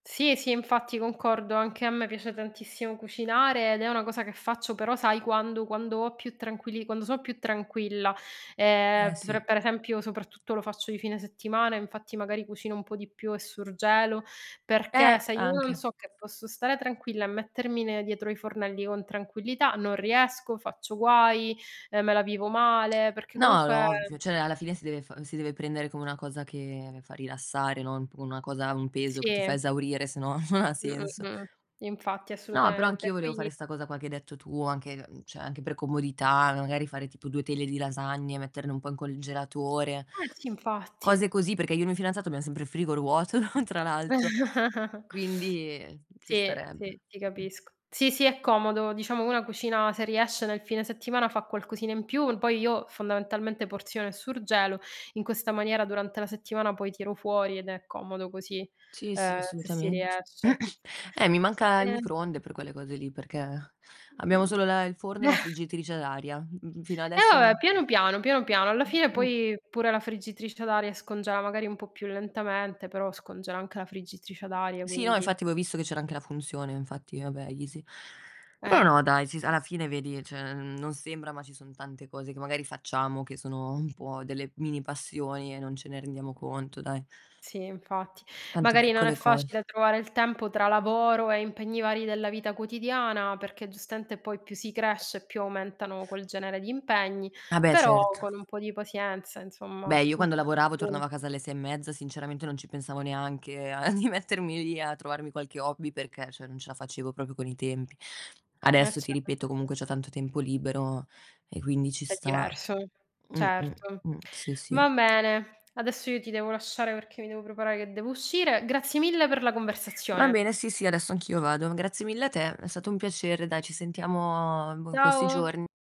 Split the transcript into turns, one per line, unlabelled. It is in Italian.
Sì, sì, infatti, concordo. Anche a me piace tantissimo cucinare ed è una cosa che faccio, però sai quando quando ho più tranquilli quando so' più tranquilla. Ehm,
Eh, sì.
per per esempio soprattutto lo faccio di fine settimana, infatti magari cucino un po' di più e surgelo, perché
Eh,
se io non
anche.
so che posso stare tranquilla e mettermi ne dietro ai fornelli con tranquillità, non riesco, faccio guai, ehm, me la vivo male, perché
No, è
comunque
ovvio, cioè alla fine si deve fa si deve prendere come una cosa che fa rilassare, non p come una cosa, un peso che ti
Sì.
fa esaurire, sennò non ha
Mh, mh,
senso.
mh, infatti,
No, però
assolutamente,
anch'io volevo
poi
fare 'sta cosa qua che hai detto tu, anche, mhmm, cioè anche per comodità, magari fare tipo 2 teglie di lasagne, metterne un po' il congelatore,
Eh, sì, infatti.
cose così, perché io e il mio fidanzato abbiam sempre il frigo vuoto, no, tra l'altr; quindi, ehm, ci
Sì,
starebbe,
sì, ti
mh.
capisco. Sì, sì, è comodo, diciamo una cucina, se riesce nel fine settimana fa qualcosina in più; poi io fondamentalmente porziono e surgelo: in questa maniera durante la settimana poi tiro fuori ed è comodo così,
Sì, sì,
ehm, se si
assolutamente.
riesce.
Eh, mi manca il
Ehm
microonde per quelle cose lì, perché abbiamo solo
Mh.
la il forno e la friggitrice ad aria, mh-mh-mh, fino
E
adesso
va beh,
non
piano piano, piano piano. Alla fine
Mh.
poi pure la friggitrice ad aria scongela, magari un po' più lentamente, però scongela anche la friggitrice ad aria,
Sì, no,
quindi
infatti avevo visto che c'era anche la funzione, infatti, vabbè, easy. Eh
Eh,
no dai, sis alla fine vedi cioè, mhmm, non sembra ma ci son tante cose che magari facciamo, che sono un po' delle mini passioni e non ce ne rendiamo conto, dai.
Sì, infatti.
Tante
Magari non è
piccole cose.
facile trovare il tempo tra lavoro e impegni vari della vita quotidiana, perché giustamente poi più si cresce, più aumentano quel genere di impegni.
Ah beh,
Però
certo.
con un po' di pazienza, insomma,
Beh, io
un po'
quando
di
lavoravo
fortuna.
tornavo a casa alle 6 e mezza, sinceramente non ci pensavo neanche a di mettermi lì a trovarmi qualche hobby perché, cioè non ce la facevo proprio con i tempi.
Eh,
Adesso, ti
cer
ripeto, comunque c'ho tanto tempo libero e quindi ci
È
sta.
diverso,
Mh, mh,
certo.
mh. Sì, sì.
Va bene. Adesso io ti devo lasciare perché mi devo preparare che devo uscire. Grazie mille per la
Va
conversazione.
bene, sì sì, adesso anch'io vado. Grazie mille a te, è stato un piacere dai, ci sentiamo boh in questi
Ciao!
giorn